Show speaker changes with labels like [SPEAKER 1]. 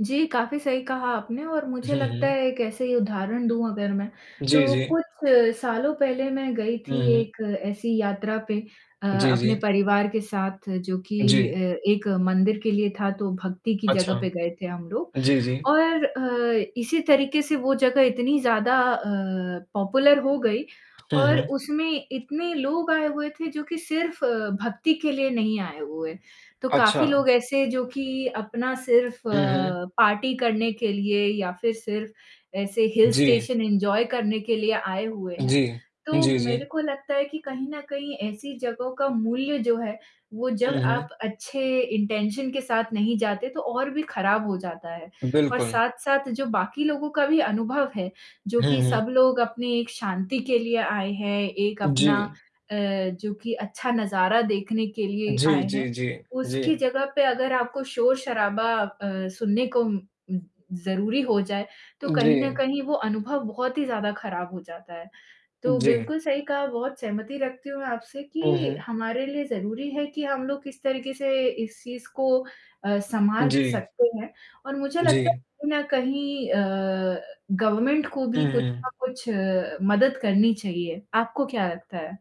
[SPEAKER 1] जी, काफ़ी सही कहा आपने और मुझे
[SPEAKER 2] हुँ,
[SPEAKER 1] लगता
[SPEAKER 2] हुँ।
[SPEAKER 1] है एक ऐसे ही उदाहरण दूँ अगर मैं,
[SPEAKER 2] जी,
[SPEAKER 1] तो
[SPEAKER 2] जी।
[SPEAKER 1] कुछ सालों पहले मैं गई थी
[SPEAKER 2] उहुँ।
[SPEAKER 1] एक ऐसी यात्रा पे अ,
[SPEAKER 2] जी,
[SPEAKER 1] अपने
[SPEAKER 2] जी।
[SPEAKER 1] परिवार के साथ जो कि
[SPEAKER 2] जी।
[SPEAKER 1] अ, एक मंदिर के लिए था, तो भक्ति की जगह
[SPEAKER 2] अच्छा।
[SPEAKER 1] पे गए थे हम लोग
[SPEAKER 2] जी, जी।
[SPEAKER 1] और अ, इसी तरीके से वो जगह इतनी ज़्यादा अ, पॉपुलर हो गई
[SPEAKER 2] हुँ,
[SPEAKER 1] और
[SPEAKER 2] हुँ।
[SPEAKER 1] उसमें इतने लोग आए हुए थे जो कि सिर्फ़ भक्ति के लिए नहीं आए हुए, तो काफ़ी
[SPEAKER 2] अच्छा।
[SPEAKER 1] लोग ऐसे जो कि अपना सिर्फ़ लगता
[SPEAKER 2] उहुँ।
[SPEAKER 1] है पार्टी करने के लिए या फ़िर सिर्फ़ ऐसे हिल
[SPEAKER 2] जी।
[SPEAKER 1] स्टेशन एन्जॉय करने के लिए आए हुए हैं।
[SPEAKER 2] जी।
[SPEAKER 1] तो
[SPEAKER 2] जी, जी।
[SPEAKER 1] मेरे को लगता है कि कहीं न कहीं ऐसी जगहों का मूल्य जो है, वो जब
[SPEAKER 2] उहुँ।
[SPEAKER 1] आप अच्छे इंटेंशन के साथ नहीं जाते, तो और भी खराब हो जाता है और
[SPEAKER 2] बिल्कुल।
[SPEAKER 1] साथ-साथ जो बाकी लोगों का भी अनुभव है, जो
[SPEAKER 2] हुँ,
[SPEAKER 1] कि
[SPEAKER 2] हुँ।
[SPEAKER 1] सब लोग अपनी एक शांति के लिए आए हैं, एक अपना
[SPEAKER 2] जी।
[SPEAKER 1] अ, जो कि अच्छा नज़ारा देखने के लिए
[SPEAKER 2] जी,
[SPEAKER 1] आए हैं,
[SPEAKER 2] जी, जी।
[SPEAKER 1] उसकी
[SPEAKER 2] जी।
[SPEAKER 1] जगह पे अगर आपको शोर-शराबा अ, सुनने को उम, ज़रूरी हो जाए, तो कहीं न
[SPEAKER 2] जी।
[SPEAKER 1] कहीं वो अनुभव बहुत ही ज़्यादा खराब हो जाता है। तो
[SPEAKER 2] जी।
[SPEAKER 1] बिल्कुल सही कहा, बहुत सहमति रखती हूँ मैं आपसे कि
[SPEAKER 2] उहुँ।
[SPEAKER 1] हमारे लिए ज़रूरी है कि हम लोग इस तरीके से इस चीज़ को अ, सँभाल
[SPEAKER 2] जी।
[SPEAKER 1] सकते हैं और मुझे लगता है
[SPEAKER 2] जी।
[SPEAKER 1] कहीं न कहीं अ, गवर्नमेंट को भी कुछ
[SPEAKER 2] उहुँ।
[SPEAKER 1] ना कुछ अ, मदद करनी चाहिए, आपको क्या लगता है?